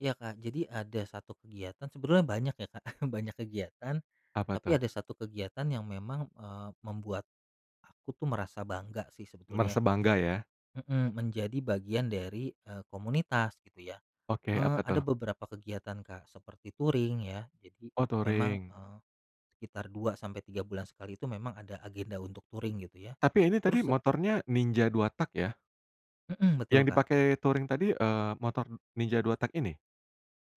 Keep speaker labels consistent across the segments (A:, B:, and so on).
A: Iya, Kak, jadi ada 1 kegiatan sebenarnya banyak ya, Kak, banyak kegiatan,
B: Apa
A: tapi
B: tuh?
A: ada 1 kegiatan yang memang, eee, membuat, aku tuh merasa bangga sih sebetulnya
B: Merasa bangga ya?
A: mhm, menjadi bagian dari, eee, komunitas gitu ya,
B: Oke
A: eee,
B: apa
A: ada
B: tuh?
A: beberapa kegiatan, Kak, seperti touring ya jadi
B: Oh
A: memang,
B: touring.
A: eee, sekitar 2 sampai 3 bulan sekali itu memang ada agenda untuk touring gitu ya,
B: Tapi ini tadi
A: terus
B: motornya Ninja 2 tak ya?
A: Mhm, betul,
B: Yang
A: Kak.
B: dipakai touring tadi, eee, motor Ninja 2 tak ini?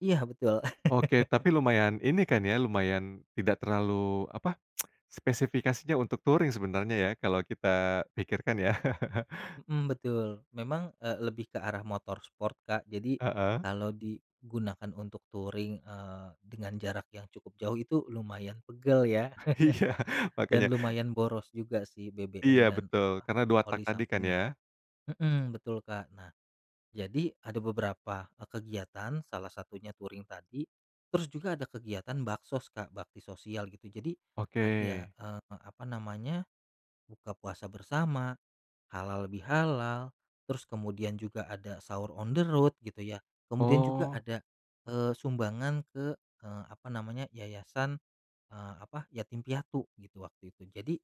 A: Iya betul.
B: Oke tapi lumayan ini kan ya lumayan tidak terlalu apa spesifikasinya untuk touring sebenarnya ya kalau kita pikirkan ya?
A: Mhm, betul memang, eee, lebih ke arah motor sport, Kak, jadi,
B: Heeh.
A: kalau digunakan untuk touring, eee, dengan jarak yang cukup jauh itu lumayan pegel ya
B: Iya
A: dan
B: makanya.
A: lumayan boros juga sih BBM
B: Iya
A: dan
B: betul
A: apa
B: karena 2 tak
A: oli
B: tadi kan
A: sampingnya,
B: ya?
A: mhm, betul, Kak, nah, jadi ada beberapa, eee, kegiatan salah satunya touring tadi, terus juga ada kegiatan baksos, Kak, bakti sosial gitu jadi,
B: Oke.
A: ada, eee, apa namanya buka puasa bersama, halal bihalal, terus kemudian juga ada sahur on the road gitu ya kemudian juga
B: Oh.
A: ada, eee, sumbangan ke eee, apa namanya yayasan eee, apa yatim piatu gitu waktu itu jadi,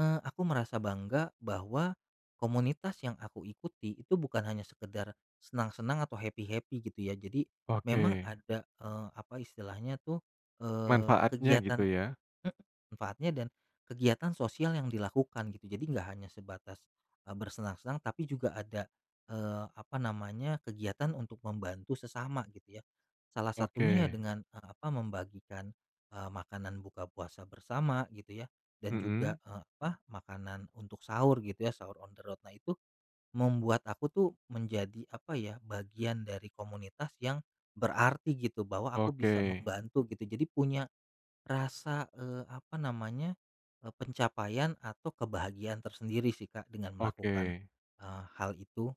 A: eee, aku merasa bangga bahwa, komunitas yang aku ikuti itu bukan hanya sekedar, senang-senang atau happy happy gitu ya jadi, memang
B: Oke.
A: ada, eee, apa istilahnya tuh, eee,
B: Manfaatnya gitu
A: kegiatan
B: ya?
A: mhm, manfaatnya dan kegiatan sosial yang dilakukan gitu jadi nggak hanya sebatas, bersenang-senang tapi juga ada eee, apa namanya, kegiatan untuk membantu sesama gitu ya, salah satunya
B: Oke.
A: dengan eee, apa membagikan, eee, makanan buka puasa bersama gitu ya dan juga
B: Mhm.
A: eee, apa makanan untuk sahur gitu ya sahur on the road nah itu, membuat aku tuh menjadi apa ya, bagian dari komunitas yang, berarti gitu bahwa aku bisa
B: Oke.
A: membantu gitu jadi punya, rasa eee, apa namanya eee, pencapaian atau kebahagiaan tersendiri sih, Kak, dengan melakukan,
B: Oke.
A: eee, hal itu.